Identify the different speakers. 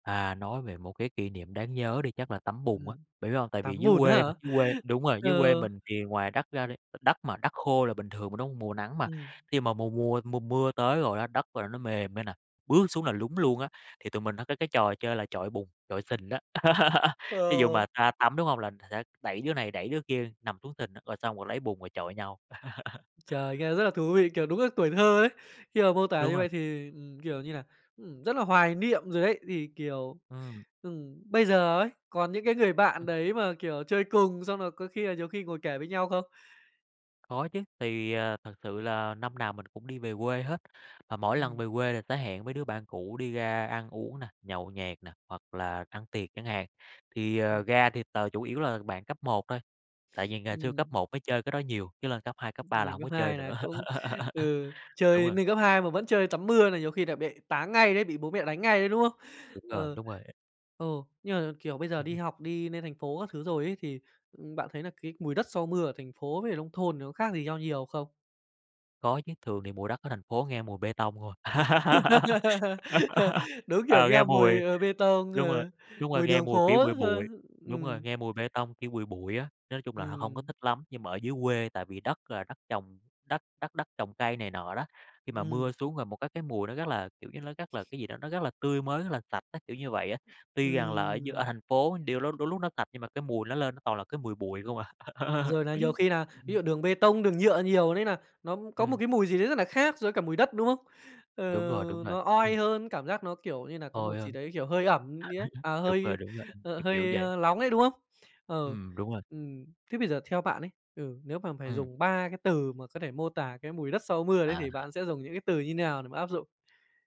Speaker 1: À, nói về một cái kỷ niệm đáng nhớ đi chắc là tắm bùn á.
Speaker 2: Ừm.
Speaker 1: Bạn biết hông? Tại vì
Speaker 2: Tắm
Speaker 1: dưới
Speaker 2: bùn á
Speaker 1: quê
Speaker 2: hả?
Speaker 1: mà, dưới quê đúng rồi, dưới
Speaker 2: Ừ.
Speaker 1: quê mình thì ngoài đất ra đi, đ đất mà đất khô là bình thường mà, đúng hông? Mùa nắng mà.
Speaker 2: Ừm.
Speaker 1: Khi mà mùa mùa mùa mưa tới rồi á, đất là nó mềm ra nè, bước xuống là lún luôn á, thì tụi mình hay có cái trò chơi là chọi bùn, chọi sình á. Thí dụ
Speaker 2: Ờ.
Speaker 1: mà ra tắm, đúng hông? Là sẽ đẩy đứa này đẩy đứa kia nằm xuống sình á, rồi xong rồi lấy bùn rồi chọi nhau.
Speaker 2: Trời, nghe rất là thú vị, kiểu, đúng là tuổi thơ ấy! Khi mà mô tả
Speaker 1: Đúng
Speaker 2: như
Speaker 1: rồi.
Speaker 2: vậy thì, ừm, kiểu như là, ừm, rất là hoài niệm rồi đấy. Thì, kiểu,
Speaker 1: Ừm.
Speaker 2: ừm, bây giờ ấy, còn những cái người bạn đấy mà, kiểu, chơi cùng, xong rồi có khi là nhiều khi ngồi kể với nhau không?
Speaker 1: Có chứ, thì, à, thật sự là năm nào mình cũng đi về quê hết, mà mỗi lần
Speaker 2: Ừm.
Speaker 1: về quê là sẽ hẹn mấy đứa bạn cũ đi ra ăn uống nè, nhậu nhẹt nè, hoặc là ăn tiệc chẳng hạn, thì, à,
Speaker 2: Ừm.
Speaker 1: ra thì t chủ yếu là bạn cấp 1 thôi, tại vì ngày xưa cấp
Speaker 2: Ừm.
Speaker 1: 1 mới chơi cái đó nhiều, chứ lên cấp 2, cấp 3 là
Speaker 2: Mình
Speaker 1: hổng có
Speaker 2: cấp
Speaker 1: chơi
Speaker 2: 2 nà
Speaker 1: nữa.
Speaker 2: cũng ừ,
Speaker 1: Đúng
Speaker 2: chơi
Speaker 1: rồi.
Speaker 2: nên cấp 2 mà vẫn chơi tắm mưa là nhiều khi là bị táng ngay đấy, bị bố mẹ đánh ngay đấy, đúng không?
Speaker 1: Đúng rồi,
Speaker 2: Ừ,
Speaker 1: đúng rồi.
Speaker 2: ừ, nhưng mà, kiểu, bây giờ đi học đi nên thành phố các thứ rồi ấy thì, ừm, bạn thấy là cái mùi đất sau mưa ở thành phố với cả nông thôn thì có khác gì nhau nhiều không?
Speaker 1: Có chứ, thường thì mùi đất ở thành phố nghe mùi bê tông không à.
Speaker 2: Đúng kiểu
Speaker 1: Ờ, nghe
Speaker 2: nghe
Speaker 1: mùi
Speaker 2: mùi, ờ, bê tông,
Speaker 1: đúng rồi,
Speaker 2: ừ,
Speaker 1: đúng rồi,
Speaker 2: mùi
Speaker 1: nghe
Speaker 2: đường
Speaker 1: mùi kiểu
Speaker 2: phố
Speaker 1: bụi
Speaker 2: ấy
Speaker 1: bụi
Speaker 2: ha.
Speaker 1: đúng rồi,
Speaker 2: Ừm.
Speaker 1: nghe mùi bê tông, kiểu, bụi bụi á, nói chung là h hông có
Speaker 2: Ừm.
Speaker 1: thích lắm. Nhưng mà ở dưới quê tại vì đất là đất trồng, đất đất đất trồng cây này nọ đó, khi mà mưa
Speaker 2: Ừm.
Speaker 1: xuống rồi một cái cái mùi nó rất là, kiểu như, nó rất là cái gì đó, nó rất là tươi mới, rất là sạch á, kiểu như vậy á. Tuy rằng là ở d ở
Speaker 2: Ừm.
Speaker 1: thành phố điều lôi đôi lúc nó sạch nhưng mà cái mùi nó lên nó toàn là cái mùi bụi không à.
Speaker 2: Rồi nà nhiều khi nà
Speaker 1: Ừm
Speaker 2: ví
Speaker 1: hừm.
Speaker 2: dụ đường bê tông, đường nhựa nhiều nên nà nó có một
Speaker 1: Ừm.
Speaker 2: cái mùi gì đấy rất nà khác so với cả mùi đất, đúng không? Ờ,
Speaker 1: Đúng rồi, đúng rồi.
Speaker 2: nó
Speaker 1: Ừm.
Speaker 2: oi hơn, cảm giác nó, kiểu như nà, có
Speaker 1: Oi
Speaker 2: một gì
Speaker 1: hơn!
Speaker 2: đấy, kiểu, hơi ẩm gì đấy, à
Speaker 1: Đúng rồi,
Speaker 2: hơi,
Speaker 1: đúng rồi,
Speaker 2: ờ,
Speaker 1: kiểu, kiểu
Speaker 2: hơi,
Speaker 1: vậy.
Speaker 2: a, lóng ấy, đúng không? Ừ,
Speaker 1: Ừm, đúng rồi.
Speaker 2: ừm. Thế bây giờ theo bạn ấy, ừ, nếu mà phải
Speaker 1: Ừm.
Speaker 2: dùng 3 cái từ mà có thể mô tả cái mùi đất sau mưa đấy thì
Speaker 1: À.
Speaker 2: bạn sẽ dùng những cái từ như thế nào để mà áp dụng?